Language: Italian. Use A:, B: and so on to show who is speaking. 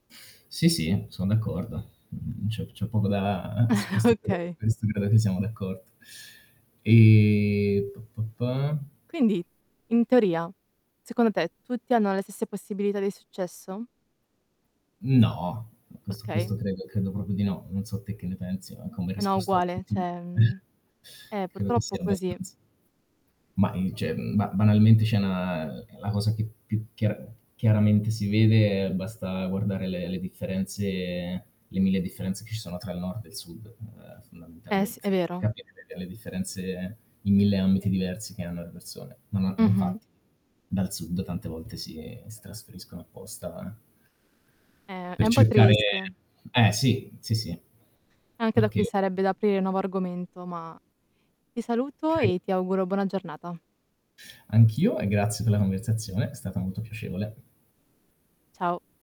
A: Sì, sì, son d'accordo. Mhmm, c'è c'è poco da su questo [unintelligible]
B: Okay.
A: questo credo siamo d'accordo. E p p pa
B: Quindi, in teoria, secondo te tutti hanno le stesse possibilità di successo?
A: No, questo
B: Okay.
A: questo credo credo proprio di no. Non so te che ne pensi, ma come
B: No,
A: risposta
B: uguale
A: obiettiva
B: cioè,
A: ehm
B: mhmm Eh,
A: credo che
B: purtroppo
A: sia
B: così.
A: abbastanz Mah i cioè ba banalmente c'è 'na la cosa che più più chia chiaramente si vede è basta guardare le le differenze, le 1000 differenze che ci sono tra il nord e il sud, ehm,
B: Eh s è
A: fondamentalmente. Per
B: vero.
A: capire le vere differenze in 1000 ambiti diversi che hanno le persone. No, no
B: Mh-mh.
A: infatti dal sud tante volte si si trasferiscono apposta eh
B: È è
A: per
B: un po'
A: cercare
B: triste.
A: eh sì, sì, sì.
B: Anche da qui
A: Perché
B: sarebbe da aprire il nuovo argomento, ma ti saluto
A: Okay.
B: e ti auguro buona giornata.
A: Anch'io e grazie per la conversazione, è stata molto piacevole.
B: Ciao.